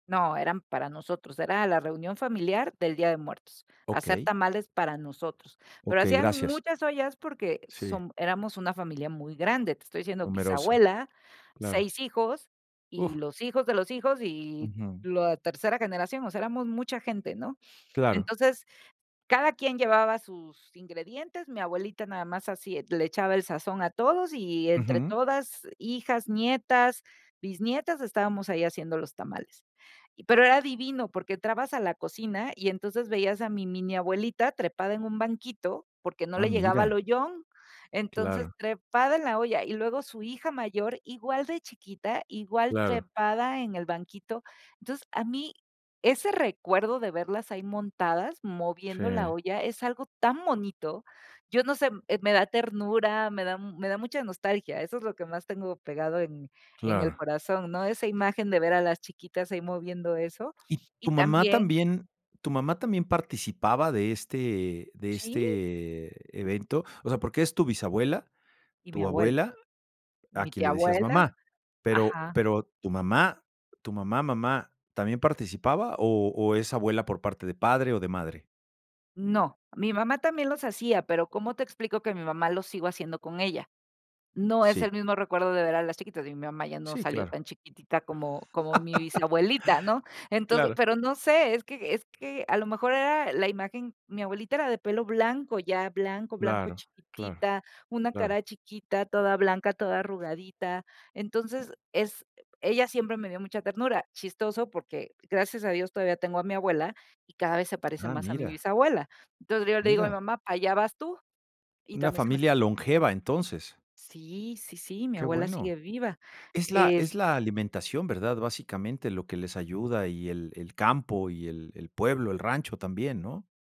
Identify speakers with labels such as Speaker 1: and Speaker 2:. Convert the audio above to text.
Speaker 1: No, eran para nosotros, era la reunión familiar del Día de Muertos, hacer
Speaker 2: Okey.
Speaker 1: tamales para nosotros. Pero
Speaker 2: Okey,
Speaker 1: hacían
Speaker 2: gracias.
Speaker 1: muchas ollas porque
Speaker 2: Sí.
Speaker 1: som éramos una familia muy grande, te estoy diciendo:
Speaker 2: Numerosa,
Speaker 1: "Bisabuela,
Speaker 2: claro.
Speaker 1: 6 hijos y
Speaker 2: Uf.
Speaker 1: los hijos de los hijos y
Speaker 2: Ujú.
Speaker 1: lo a tercera generación. O sea, éramos mucha gente, ¿no?,
Speaker 2: Claro.
Speaker 1: entonces, cada quien llevaba sus ingredientes, mi abuelita nada más así le echaba el sazón a todos y entre
Speaker 2: Ujú.
Speaker 1: todas, hijas, nietas, bisnietas, estábamos ahí haciendo los tamales. Y pero era divino, porque entrabas a la cocina y entonces veías a mi mini abuelita trepada en un banquito, porque no
Speaker 2: Ah,
Speaker 1: le llegaba al
Speaker 2: mira.
Speaker 1: ollón. Entonces,
Speaker 2: Claro.
Speaker 1: trepada en la olla, y luego su hija mayor, igual de chiquita, igual
Speaker 2: Claro.
Speaker 1: trepada en el banquito. Entonces, a mí ese recuerdo de verlas ahí montadas, moviendo la
Speaker 2: Sí.
Speaker 1: olla, es algo tan bonito. Yo no sé, m eh, me da ternura, me da me da mucha nostalgia, eso es lo que más tengo pegado en en
Speaker 2: Claro.
Speaker 1: el corazón, ¿no?, esa imagen de ver a las chiquitas ahí moviendo eso
Speaker 2: ¿Y
Speaker 1: y
Speaker 2: tu mamá
Speaker 1: también
Speaker 2: también tu mamá también participaba de este de
Speaker 1: ¡sí!
Speaker 2: este evento?, o sea, porque es tu bisabuela,
Speaker 1: Y mi
Speaker 2: tu
Speaker 1: abuela,
Speaker 2: abuela, a
Speaker 1: mi
Speaker 2: quien
Speaker 1: tía
Speaker 2: le decías
Speaker 1: abuela,
Speaker 2: "mamá", pero
Speaker 1: ajá.
Speaker 2: pero, tu mamá, tu mamá, mamá, también participaba o o es abuela por parte de padre o de madre?
Speaker 1: No, mi mamá también los hacía, pero ¿cómo te explico que mi mamá lo sigo haciendo con ella?, no es el
Speaker 2: Sí.
Speaker 1: mismo recuerdo de ver a las chiquitas, y mi mamá ya no
Speaker 2: Sí,
Speaker 1: salió
Speaker 2: claro.
Speaker 1: tan chiquitita como como mi bisabuelita, ¿no?, entonces
Speaker 2: Claro.
Speaker 1: pero no sé, es que es que a lo mejor era e la imagen mi abuelita era de pelo blanco ya, blanco, blanco,
Speaker 2: Claro, claro,
Speaker 1: chiquitita, una
Speaker 2: claro.
Speaker 1: cara chiquita, toda blanca, toda arrugadita. Entonces, es eh, ella siempre me dio mucha ternura. Chistoso porque, gracias a Dios, todavía tengo a mi abuela y cada vez se parece
Speaker 2: Ah,
Speaker 1: más a mi
Speaker 2: mira.
Speaker 1: bisabuela. Entonces, yo le digo a mi
Speaker 2: Mira.
Speaker 1: mamá: "Allá vas tú". Y
Speaker 2: Una
Speaker 1: también se me es
Speaker 2: familia
Speaker 1: [unintelligible]
Speaker 2: longeva, entonces.
Speaker 1: sí, sí, sí, mi
Speaker 2: Qué
Speaker 1: abuela sigue
Speaker 2: bueno.
Speaker 1: viva.
Speaker 2: Es la
Speaker 1: Es
Speaker 2: es la alimentación, ¿verdad?, básicamente, lo que les ayuda y el el campo y el el pueblo, el rancho también, ¿no?